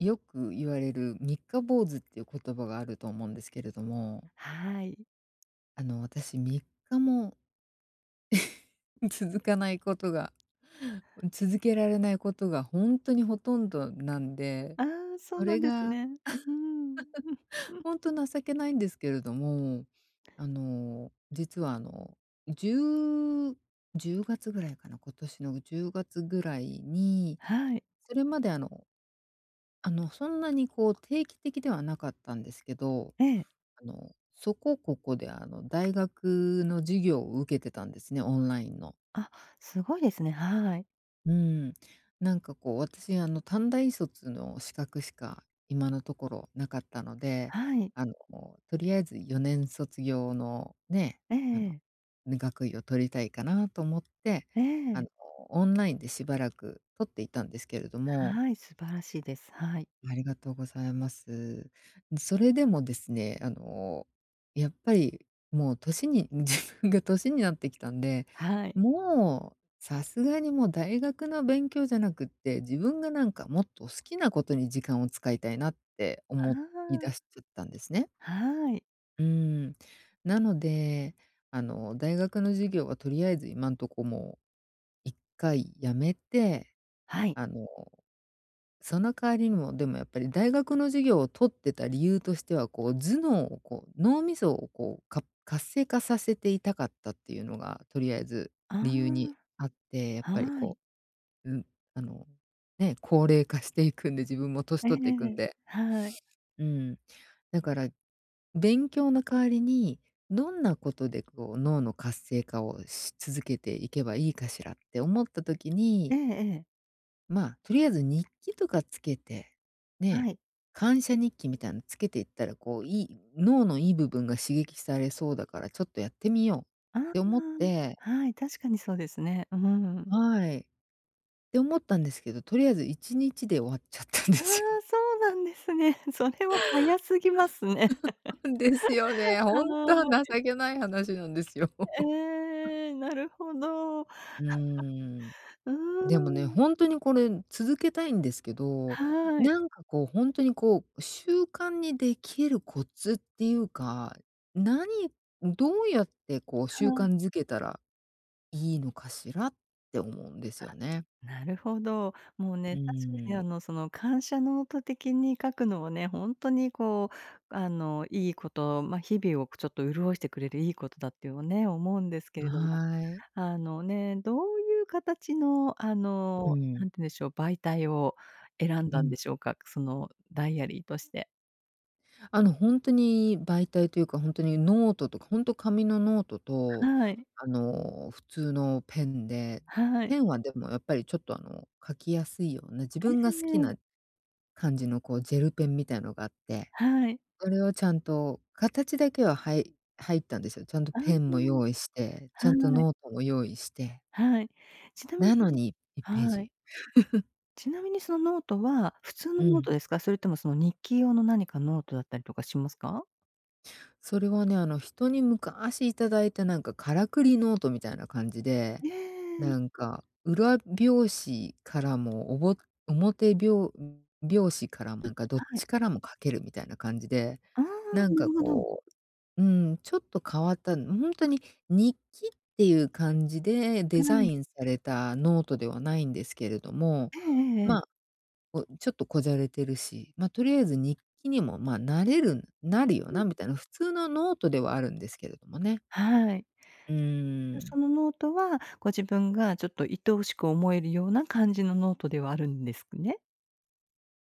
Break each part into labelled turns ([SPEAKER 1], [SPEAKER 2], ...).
[SPEAKER 1] よく言われる三日坊主っていう言葉があると思うんですけれども。
[SPEAKER 2] はい。
[SPEAKER 1] あの、私、3日も 続かないことが続けられないことがほんとにほとんどなんで、
[SPEAKER 2] ああ、そう
[SPEAKER 1] そ
[SPEAKER 2] なん
[SPEAKER 1] れ
[SPEAKER 2] です
[SPEAKER 1] が
[SPEAKER 2] ね。うーん。
[SPEAKER 1] ほんと情けないんですけれども。あの、実は、あの、10-10月ぐらいかな、今年の10月ぐらいに、
[SPEAKER 2] はい。
[SPEAKER 1] それまであの、あの、そんなにこう定期的ではなかったんですけど、
[SPEAKER 2] ええ。
[SPEAKER 1] あの、そこここで、あの、大学の授業を受けてたんですね、オンラインの。
[SPEAKER 2] あ、すごいですね。はい。
[SPEAKER 1] うーん。なんかこう、私、あの短大卒の資格しか、今のところなかったので、
[SPEAKER 2] はい。
[SPEAKER 1] あの、とりあえず4年卒業のね、
[SPEAKER 2] え
[SPEAKER 1] あの、
[SPEAKER 2] え。
[SPEAKER 1] ね、学位を取りたいかなと思って、
[SPEAKER 2] え
[SPEAKER 1] あの、
[SPEAKER 2] え。
[SPEAKER 1] オンラインでしばらく取っていたんですけれども
[SPEAKER 2] はい、素晴らしいです。はい。
[SPEAKER 1] ありがとうございます。ん、それでもですね、あの、やっぱりもう年に自分が年になってきたんで
[SPEAKER 2] はい。
[SPEAKER 1] 「もう、さすがにもう大学の勉強じゃなくて、自分がなんかもっと好きなことに時間を使いたいな」って
[SPEAKER 2] あ
[SPEAKER 1] 思い
[SPEAKER 2] あ。
[SPEAKER 1] だしちゃったんですね。
[SPEAKER 2] はい。
[SPEAKER 1] うーん。なので、あの、大学の授業はとりあえず今んとこもう、一回辞めて、
[SPEAKER 2] はい。
[SPEAKER 1] あの、その代わりにもでも、やっぱり大学の授業を取ってた理由としては、こう、頭脳を、こう、脳みそを、こう、か活性化させていたかったっていうのが、とりあえず
[SPEAKER 2] あ
[SPEAKER 1] 理由にあって、やっ
[SPEAKER 2] あ。
[SPEAKER 1] ぱり、
[SPEAKER 2] はい。
[SPEAKER 1] こう、うん、あの、ね、高齢化していくんで、自分も年
[SPEAKER 2] えええ
[SPEAKER 1] 取っていく
[SPEAKER 2] ええ
[SPEAKER 1] ん
[SPEAKER 2] え。
[SPEAKER 1] で。
[SPEAKER 2] はい。
[SPEAKER 1] うーん。だから、勉強の代わりに、どんなことで、こう、脳の活性化をし続けていけばいいかしらって思った時
[SPEAKER 2] え
[SPEAKER 1] に
[SPEAKER 2] えええ。
[SPEAKER 1] ま、とりあえず日記とかつけて、
[SPEAKER 2] は
[SPEAKER 1] ね、
[SPEAKER 2] い。
[SPEAKER 1] 感謝日記みたいのつけていったら、こう、良い脳の良い部分が刺激されそうだからちょっとやってみようっ
[SPEAKER 2] ああ。
[SPEAKER 1] て思って
[SPEAKER 2] はい、確かにそうですね。うーん。
[SPEAKER 1] はい。って思ったんですけど、とりあえず1日で終わっちゃったんで
[SPEAKER 2] ああ、
[SPEAKER 1] すよ。
[SPEAKER 2] そうなんですね。それは早すぎますね。
[SPEAKER 1] ですよね、
[SPEAKER 2] は
[SPEAKER 1] ほんとは
[SPEAKER 2] い。
[SPEAKER 1] 情けない話なんですよ。
[SPEAKER 2] ええ、なるほど。う
[SPEAKER 1] うーん。
[SPEAKER 2] ー
[SPEAKER 1] でもね、
[SPEAKER 2] ん。
[SPEAKER 1] ほんとに、これ、続けたいんですけど、
[SPEAKER 2] はい。
[SPEAKER 1] なんかこう、ほんとにこう、習慣にできるコツっていうか、何どうやって、こう、習
[SPEAKER 2] は
[SPEAKER 1] 慣
[SPEAKER 2] い。
[SPEAKER 1] づけたらいいのかしらって思うんですよ
[SPEAKER 2] あ、
[SPEAKER 1] ね。
[SPEAKER 2] なるほど。もう
[SPEAKER 1] う
[SPEAKER 2] ね、確かに、
[SPEAKER 1] ー
[SPEAKER 2] あ
[SPEAKER 1] ん。
[SPEAKER 2] の、その感謝ノート的に書くのはね、ほんとにこう、あの、良いこと、ま、日々を、こ、ちょっと潤してくれる良いことだってはね、思うんですけれども。
[SPEAKER 1] はい。
[SPEAKER 2] あの、ね、どういう形の、あ
[SPEAKER 1] う
[SPEAKER 2] の、
[SPEAKER 1] ん。
[SPEAKER 2] 何て言うんでしょう、媒体を選ん
[SPEAKER 1] う
[SPEAKER 2] だんで
[SPEAKER 1] ん。
[SPEAKER 2] しょうか？そのダイアリーとして。
[SPEAKER 1] あの、ほんとに媒体というか、ほんとにノートとか、ほんと紙のノートと、
[SPEAKER 2] はい。
[SPEAKER 1] あの、普通のペンで、
[SPEAKER 2] はい。
[SPEAKER 1] ペンは、でも、やっぱり、ちょっと、あの、書きやすいような、自分
[SPEAKER 2] ええ
[SPEAKER 1] が好き
[SPEAKER 2] ええ。
[SPEAKER 1] な感じの、こう、ジェルペンみたいのがあって、
[SPEAKER 2] はい。
[SPEAKER 1] それをちゃんと形だけは、はい入ったんですよ。ちゃんと
[SPEAKER 2] あ
[SPEAKER 1] ペンも用意
[SPEAKER 2] あ、
[SPEAKER 1] して、ちゃんと
[SPEAKER 2] はい。
[SPEAKER 1] ノートも用意して
[SPEAKER 2] はい。ちなみね
[SPEAKER 1] なのに、いっペー
[SPEAKER 2] はい。
[SPEAKER 1] ジ。
[SPEAKER 2] ちなみに、そのノートは普通の
[SPEAKER 1] う
[SPEAKER 2] ノー
[SPEAKER 1] ん。
[SPEAKER 2] トですか？それとも、その日記用の何かノートだったりとかしますか？
[SPEAKER 1] それはね、あの、人に昔頂いた、なんか、からくりノートみたいな感じで、
[SPEAKER 2] ええ。
[SPEAKER 1] なんか、裏表紙からも、おぼおもてびょうびょうしからも、なんか、どっ
[SPEAKER 2] はい。
[SPEAKER 1] ちからも書けるみたいな感じで、
[SPEAKER 2] ああ、
[SPEAKER 1] なん
[SPEAKER 2] な
[SPEAKER 1] か、
[SPEAKER 2] るほど。
[SPEAKER 1] こう、うん、ちょっと変わった、ほんとに日記っていう感じでデ
[SPEAKER 2] は
[SPEAKER 1] ザ
[SPEAKER 2] い。
[SPEAKER 1] インされたノートではないんですけれども、
[SPEAKER 2] ええええええ。
[SPEAKER 1] ま、こ、ちょっとこじゃれてるし、ま、とりあえず日記にも、ま、なれるなるよ
[SPEAKER 2] うーん。
[SPEAKER 1] なみたいな、普通のノートではあるんですけれどもね。
[SPEAKER 2] はい。
[SPEAKER 1] うー
[SPEAKER 2] で、そ
[SPEAKER 1] ん。
[SPEAKER 2] のノートはご自分がちょっと愛おしく思えるような感じのノートではあるんですね？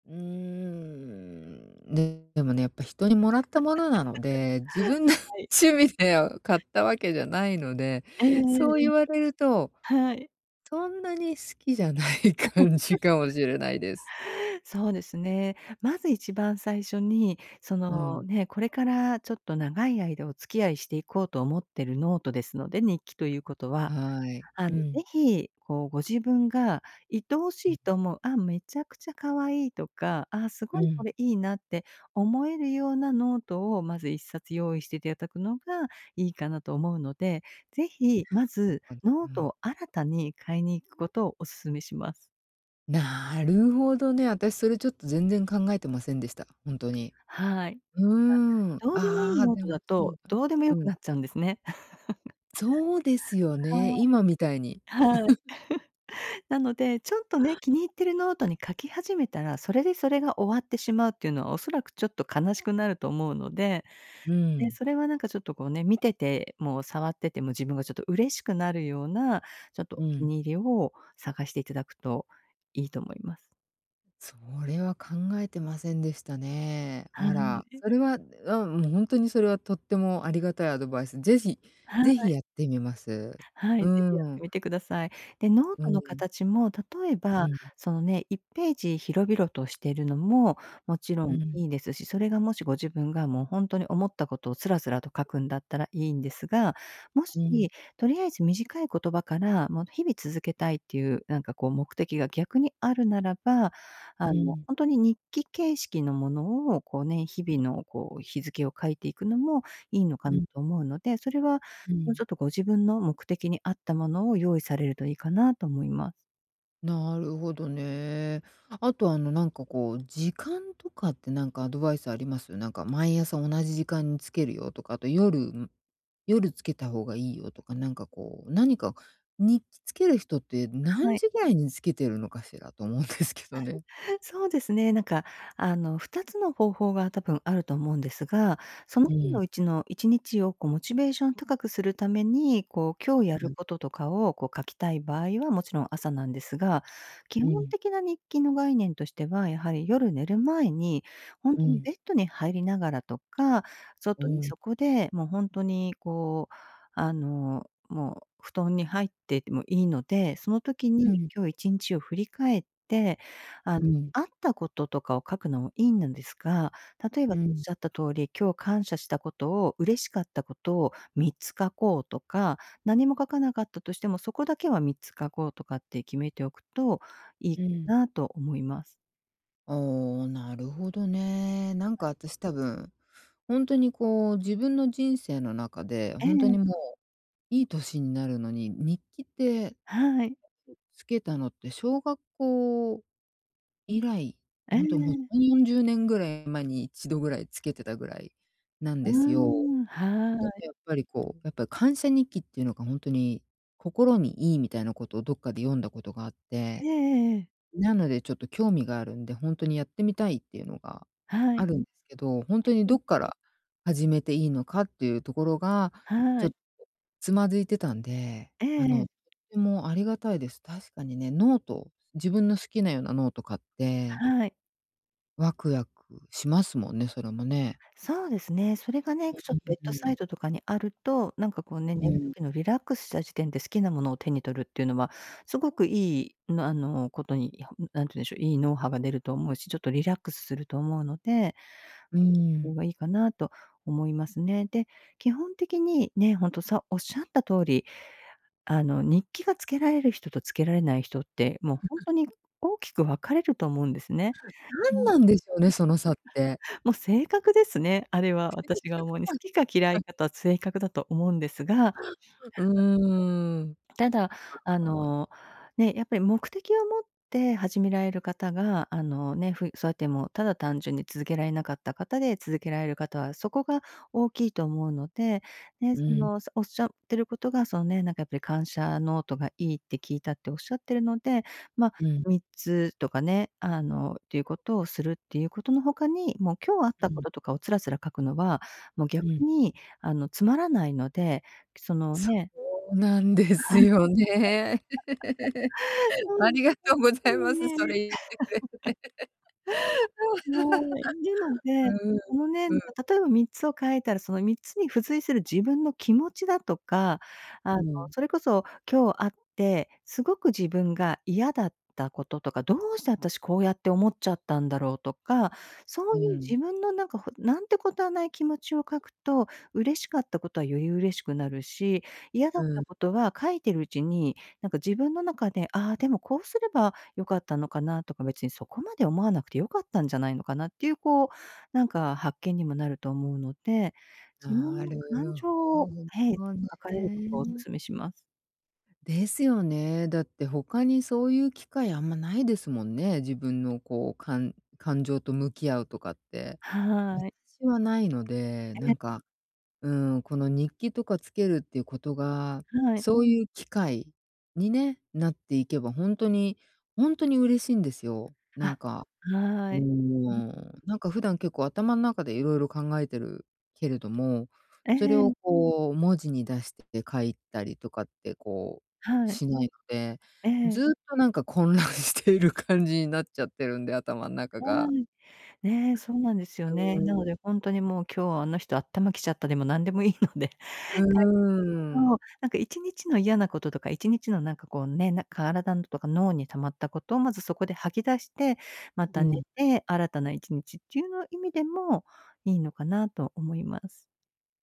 [SPEAKER 1] うーん、ね、でもね、やっぱ人にもらったものなので、自分の
[SPEAKER 2] はい。
[SPEAKER 1] 趣味では買ったわけじゃないので、
[SPEAKER 2] ええ
[SPEAKER 1] そう
[SPEAKER 2] えええ
[SPEAKER 1] 言
[SPEAKER 2] え。
[SPEAKER 1] われると、
[SPEAKER 2] はい。
[SPEAKER 1] そんなに好きじゃない感じかもしれないです。
[SPEAKER 2] そうですね。まず一番最初に、そ
[SPEAKER 1] う
[SPEAKER 2] の、
[SPEAKER 1] ん。
[SPEAKER 2] ね、これからちょっと長い間お付き合いしていこうと思ってるノートですので、日記ということは。
[SPEAKER 1] はい。
[SPEAKER 2] あ
[SPEAKER 1] う
[SPEAKER 2] の、是
[SPEAKER 1] ん
[SPEAKER 2] 非、こう、ご自分が愛お
[SPEAKER 1] う
[SPEAKER 2] し
[SPEAKER 1] ん。
[SPEAKER 2] いと思う、あ、めちゃくちゃ可愛いとか、あ、す
[SPEAKER 1] う
[SPEAKER 2] ごいこ
[SPEAKER 1] ん。
[SPEAKER 2] れいいなって思えるようなノートをまず1冊用意していてだくのがいいかなと思うので、是非、ま
[SPEAKER 1] [unintelligible]
[SPEAKER 2] ず
[SPEAKER 1] あ、う
[SPEAKER 2] ノート
[SPEAKER 1] ん。
[SPEAKER 2] を新たに買いに行くことをお勧めします。
[SPEAKER 1] なるほどね。私それちょっと全然考えてませんでした。ほんとに。
[SPEAKER 2] はい。
[SPEAKER 1] うーん。
[SPEAKER 2] ま、どうでもいい
[SPEAKER 1] ああ、
[SPEAKER 2] ノー
[SPEAKER 1] で
[SPEAKER 2] ト
[SPEAKER 1] も
[SPEAKER 2] だ
[SPEAKER 1] そう
[SPEAKER 2] と、
[SPEAKER 1] だ
[SPEAKER 2] どうでも良
[SPEAKER 1] う
[SPEAKER 2] く
[SPEAKER 1] ん。
[SPEAKER 2] なっちゃうんですね。
[SPEAKER 1] そうです よね。今みたいに。
[SPEAKER 2] はい。はい。なので、ちょっとね、気に入ってるノートに書き始めたら、それでそれが終わってしまうっていうのは、恐らくちょっと悲しくなると思うので、
[SPEAKER 1] う
[SPEAKER 2] で、
[SPEAKER 1] ん。
[SPEAKER 2] それはなんかちょっとこうね、見てても触ってても、自分がちょっと嬉しくなるような、ちょっと
[SPEAKER 1] う
[SPEAKER 2] お気
[SPEAKER 1] ん。
[SPEAKER 2] に入りを探していただくといいと思います。
[SPEAKER 1] それは考えてませんでしたね。
[SPEAKER 2] は
[SPEAKER 1] あら、
[SPEAKER 2] い。
[SPEAKER 1] それは、うん、もうほんとにそれはとってもありがたいアドバイス。是非、
[SPEAKER 2] は
[SPEAKER 1] 是非
[SPEAKER 2] い。
[SPEAKER 1] やってみます。
[SPEAKER 2] は
[SPEAKER 1] う
[SPEAKER 2] い、是非や
[SPEAKER 1] ー
[SPEAKER 2] って
[SPEAKER 1] ん。
[SPEAKER 2] みてください。で、ノー
[SPEAKER 1] う
[SPEAKER 2] ト
[SPEAKER 1] ー
[SPEAKER 2] の
[SPEAKER 1] ん。
[SPEAKER 2] 形も、例え
[SPEAKER 1] う
[SPEAKER 2] ば、
[SPEAKER 1] ん。
[SPEAKER 2] そのね、1ページ広々としてるのも、もちろ
[SPEAKER 1] う
[SPEAKER 2] ん
[SPEAKER 1] ん。
[SPEAKER 2] いいですし、それがもしご自分が、もうほんとに思ったことをすらすらと書くんだったらいいんですが、も
[SPEAKER 1] う
[SPEAKER 2] し、
[SPEAKER 1] ん。
[SPEAKER 2] とりあえず短い言葉から、もう日々続けたいっていう、なんかこう、目的が逆にあるならば、
[SPEAKER 1] う
[SPEAKER 2] あの、
[SPEAKER 1] ん。
[SPEAKER 2] ほんとに日記形式のものを、こうね、日々のこう、日付を書いていくのもいいのか
[SPEAKER 1] う
[SPEAKER 2] な
[SPEAKER 1] ん。
[SPEAKER 2] と思うので、それは、
[SPEAKER 1] う
[SPEAKER 2] もうちょっ
[SPEAKER 1] ん。
[SPEAKER 2] とご自分の目的に合ったものを用意されるといいかなと思います。
[SPEAKER 1] なるほどね。あとあの、なんかこう、時間とかってなんかアドバイスあります？なんか毎朝同じ時間につけるよとか、あと夜ん夜つけた方がいいよとか、なんか、こうなにか、日記つける人って
[SPEAKER 2] は
[SPEAKER 1] 何
[SPEAKER 2] い。
[SPEAKER 1] 時ぐらいにつけてるのかしらと思うんですけどね。
[SPEAKER 2] そうですね。なんか、あの、2つの方法が多分あると思うんですが、その
[SPEAKER 1] う
[SPEAKER 2] 日の
[SPEAKER 1] ん。
[SPEAKER 2] うちの1日を、こう、モチベーションを高くするために、こう、今日やる
[SPEAKER 1] [unintelligible]
[SPEAKER 2] こととかを、こう、書きたい場合は、もちろん朝なんですが、基
[SPEAKER 1] う
[SPEAKER 2] 本
[SPEAKER 1] ん。
[SPEAKER 2] 的な日記の概念としては、やはり夜寝る前に、ほん
[SPEAKER 1] う
[SPEAKER 2] とに
[SPEAKER 1] ん。
[SPEAKER 2] ベッドに入りながらとか、
[SPEAKER 1] う
[SPEAKER 2] 外に、
[SPEAKER 1] ん。
[SPEAKER 2] そこで、もうほんとに、こう、あの、もう布団に入ってでもいいので、その時
[SPEAKER 1] う
[SPEAKER 2] に、
[SPEAKER 1] ん。
[SPEAKER 2] 今日一日を振り返って、あの
[SPEAKER 1] うん。
[SPEAKER 2] あったこととかを書くのもいいのですが、例えばおっ
[SPEAKER 1] うん。
[SPEAKER 2] しゃった通り、今日感謝したことを嬉しかったことを3つ書こうとか、何も書かなかったとしても、そこだけは3つ書こうとかって決めておくといい
[SPEAKER 1] う
[SPEAKER 2] か
[SPEAKER 1] ん。
[SPEAKER 2] なと思います。
[SPEAKER 1] ああ、なるほどね。なんか
[SPEAKER 2] [unintelligible]
[SPEAKER 1] 私、多分、ほんとに、こう、自分の人生の中で、
[SPEAKER 2] え
[SPEAKER 1] ほんと
[SPEAKER 2] え。
[SPEAKER 1] にもう、いい年になるのに、日記って、
[SPEAKER 2] はい。
[SPEAKER 1] 付けたのって、小学校以来。
[SPEAKER 2] え
[SPEAKER 1] ほんともう、
[SPEAKER 2] え。
[SPEAKER 1] 3、40年ぐらい前に、1度ぐらい付けてたぐらいなん
[SPEAKER 2] うー
[SPEAKER 1] ですよ。
[SPEAKER 2] ん、は
[SPEAKER 1] なんか、
[SPEAKER 2] い。
[SPEAKER 1] やっぱり、こう、やっぱり感謝日記って言うのが、ほんとに心にいいみたいな事をどっかで読んだ事があっ
[SPEAKER 2] え
[SPEAKER 1] て。
[SPEAKER 2] えええええ。
[SPEAKER 1] なので、ちょっと興味があるんで、ほんとにやってみたいっていうのが
[SPEAKER 2] は
[SPEAKER 1] あ
[SPEAKER 2] い。
[SPEAKER 1] るんですけど、ほんとにど
[SPEAKER 2] [unintelligible]
[SPEAKER 1] っから始めていいのかっていうところが、ち
[SPEAKER 2] は
[SPEAKER 1] ょっ
[SPEAKER 2] い。
[SPEAKER 1] と、躓いてたんで。
[SPEAKER 2] え
[SPEAKER 1] あの、
[SPEAKER 2] え。
[SPEAKER 1] とてもありがたいです。確かにね、ノート自分の好きなようなノート買って。
[SPEAKER 2] はい。
[SPEAKER 1] ワクワクしますもんね、それもね。
[SPEAKER 2] そうですね。それがね、
[SPEAKER 1] う
[SPEAKER 2] ちょっとベッ
[SPEAKER 1] うう、
[SPEAKER 2] ド
[SPEAKER 1] う
[SPEAKER 2] サ
[SPEAKER 1] ん。
[SPEAKER 2] イトとかにあると、なんか、こうね、
[SPEAKER 1] う
[SPEAKER 2] 寝る
[SPEAKER 1] ん。
[SPEAKER 2] 時のリラックスした時点で、好きなものを手に取るって言うのは、凄くいいんの、あの、事に何て言うんでしょう、いい脳波が出ると思うし、ちょっとリラックスすると思うので
[SPEAKER 1] うー
[SPEAKER 2] それ
[SPEAKER 1] ん。
[SPEAKER 2] がいいかなと思いますね。で、基本的に、ね、本当さおっしゃった通り、あの、日記が付けられる人と、付けられない人って、もうほん とに大きく分かれると思うんですね。
[SPEAKER 1] 何
[SPEAKER 2] も、
[SPEAKER 1] なんでしょうね、その差って。
[SPEAKER 2] もう性格ですね、あれは、私が思うに。好き
[SPEAKER 1] [unintelligible]
[SPEAKER 2] か嫌
[SPEAKER 1] あ
[SPEAKER 2] い
[SPEAKER 1] ん。
[SPEAKER 2] か、あと性格だと思うんですが、なんだ。
[SPEAKER 1] うーん。
[SPEAKER 2] ただ、あ
[SPEAKER 1] [unintelligible] のう。
[SPEAKER 2] の、ね、やっぱり、目的を持って始められる方が、あの、ね、ふそうやっても、ただ単純に続けられなかった方で、続けられる方は、そこが大きいと思うので、ね。
[SPEAKER 1] う
[SPEAKER 2] そ
[SPEAKER 1] ん。
[SPEAKER 2] の、おっしゃってる事が、そのね、なんか、やっぱり感謝ノートがいいって聞いたっておっしゃってるので、まあ、
[SPEAKER 1] うん。
[SPEAKER 2] 3つとかね、あの、って言う事をするって、言う事の他に、もう、今日あった
[SPEAKER 1] うん。
[SPEAKER 2] 事とかをつらつら書くのは、もう、
[SPEAKER 1] う
[SPEAKER 2] 逆
[SPEAKER 1] ん。
[SPEAKER 2] に、あの、つまらないので、その、
[SPEAKER 1] そ
[SPEAKER 2] ね
[SPEAKER 1] うなんですよね。
[SPEAKER 2] はい。
[SPEAKER 1] ありがとうござ
[SPEAKER 2] はい。
[SPEAKER 1] い
[SPEAKER 2] そっちに
[SPEAKER 1] ま
[SPEAKER 2] ね、
[SPEAKER 1] す。それ言ってくれて。
[SPEAKER 2] はーい。でも ね、
[SPEAKER 1] うん、
[SPEAKER 2] あのねん、
[SPEAKER 1] うん。
[SPEAKER 2] 例えば3つを書いたら、その3つに付随する自分の気持ちだとか、あ
[SPEAKER 1] う
[SPEAKER 2] の、
[SPEAKER 1] ん。
[SPEAKER 2] それこそ、今日会って、すごく自分が嫌だった事とか、どうして私、こうやって思っちゃったんだろうとか、そ
[SPEAKER 1] う
[SPEAKER 2] ういう
[SPEAKER 1] ん。
[SPEAKER 2] 自分のなんか、ほ何てことはない気持ちを書くと、嬉しかった事はより嬉しくなるし、嫌だ
[SPEAKER 1] う
[SPEAKER 2] った
[SPEAKER 1] ん。
[SPEAKER 2] 事は書いてるうちに、なんか自分の中で「ああ、でも、こうすれば良かったのかな」とか「別にそこまで思わなくて良かったんじゃないのかな」っていう、こう、なんか発見にもなると思うので、自分
[SPEAKER 1] な
[SPEAKER 2] の
[SPEAKER 1] る
[SPEAKER 2] 感情
[SPEAKER 1] ほ
[SPEAKER 2] を、ええ、
[SPEAKER 1] ど
[SPEAKER 2] 書かれることをお
[SPEAKER 1] ね。
[SPEAKER 2] 勧めします。
[SPEAKER 1] ですよね。だって他にそういう機会あんまないですもんね、自分のこう、かん感情と向き合うとかって。
[SPEAKER 2] はい。
[SPEAKER 1] 私はないので、
[SPEAKER 2] え
[SPEAKER 1] な
[SPEAKER 2] え。
[SPEAKER 1] んか、うーん。この日記とかつけるっていうことが、
[SPEAKER 2] はい。
[SPEAKER 1] そういう機会にね、なっていけば本当に、本当に嬉しいんですよ。なん
[SPEAKER 2] あ、
[SPEAKER 1] か、
[SPEAKER 2] は
[SPEAKER 1] うー
[SPEAKER 2] い。うん。
[SPEAKER 1] ん。なんか普段結構頭ん中で色々考えてるけれども、
[SPEAKER 2] え
[SPEAKER 1] それを
[SPEAKER 2] え。
[SPEAKER 1] こう文字に出してて書いたりとかってこう
[SPEAKER 2] はい。
[SPEAKER 1] しないので、
[SPEAKER 2] え
[SPEAKER 1] ず
[SPEAKER 2] え。
[SPEAKER 1] っとなんか混乱している感じになっちゃってるんで、頭ん中
[SPEAKER 2] は
[SPEAKER 1] が。
[SPEAKER 2] い。ね、そうなんですよ
[SPEAKER 1] う
[SPEAKER 2] ね。な
[SPEAKER 1] ん。
[SPEAKER 2] ので本当にもう今日はあの人あったまきちゃったでも何でもいいので。書
[SPEAKER 1] う
[SPEAKER 2] いて。そ
[SPEAKER 1] ー
[SPEAKER 2] う、
[SPEAKER 1] ん。
[SPEAKER 2] なんか一日の嫌なこととか一日のなんかこうね、体とか脳に溜まったことをまずそこで吐き出して、ま
[SPEAKER 1] う
[SPEAKER 2] た寝
[SPEAKER 1] ん。
[SPEAKER 2] て、新たな一日っていうの意味でもいいのかなと思います。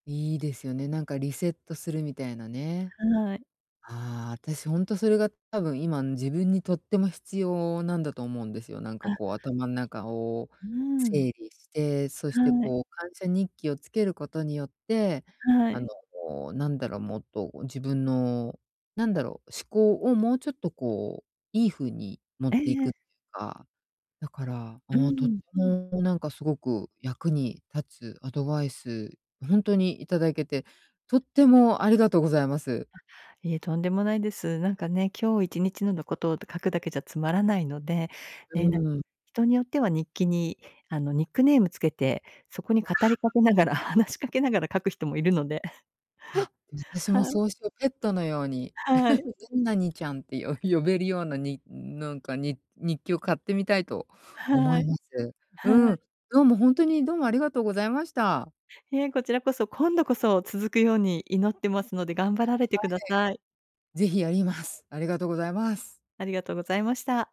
[SPEAKER 1] いいですよね。なんかリセットするみたいなね。
[SPEAKER 2] はい。
[SPEAKER 1] ああ。私本当それが多分今、ん、自分にとっても必要なんだと思うんですよ。なんか
[SPEAKER 2] あ。
[SPEAKER 1] こう頭の中を
[SPEAKER 2] うん。
[SPEAKER 1] 整理して、そして
[SPEAKER 2] はい。
[SPEAKER 1] こう感謝日記をつけることによって、
[SPEAKER 2] は
[SPEAKER 1] あ
[SPEAKER 2] い。
[SPEAKER 1] の、なんだろもっと自分の、なんだろう、思考をもうちょっとこういい風に持っ
[SPEAKER 2] え
[SPEAKER 1] てい
[SPEAKER 2] え。
[SPEAKER 1] くっていうか。だから
[SPEAKER 2] う
[SPEAKER 1] もうとって
[SPEAKER 2] ん。
[SPEAKER 1] もなんかすごく役に立つアドバイス、も本当にいただけてとってもありがとうございます。
[SPEAKER 2] あ、いえ、とんでもないです。なんかね、今日一日ののことを書くだけじゃつまらないので、
[SPEAKER 1] う
[SPEAKER 2] ね、な
[SPEAKER 1] ーん。
[SPEAKER 2] 人によっては日記にあのニックネーム付けて、そこに語り
[SPEAKER 1] あ
[SPEAKER 2] か
[SPEAKER 1] あ。
[SPEAKER 2] けながら、話しかけながら書く人もいるので。
[SPEAKER 1] あ、私も
[SPEAKER 2] はい。
[SPEAKER 1] そうしよ。ペットのように、
[SPEAKER 2] はい。
[SPEAKER 1] 何々ちゃんって呼ぶ呼べるような、になんか、に日記を買ってみたいと思
[SPEAKER 2] は
[SPEAKER 1] い
[SPEAKER 2] い。
[SPEAKER 1] ます。
[SPEAKER 2] は
[SPEAKER 1] う
[SPEAKER 2] い。
[SPEAKER 1] ん、どうも本当にどうもありがとうございました。
[SPEAKER 2] いえ、こちらこそ、今度こそ続くように祈ってますので頑張
[SPEAKER 1] は
[SPEAKER 2] られてください。
[SPEAKER 1] い。ぜひやります。ありがとうございます。
[SPEAKER 2] ありがとうございました。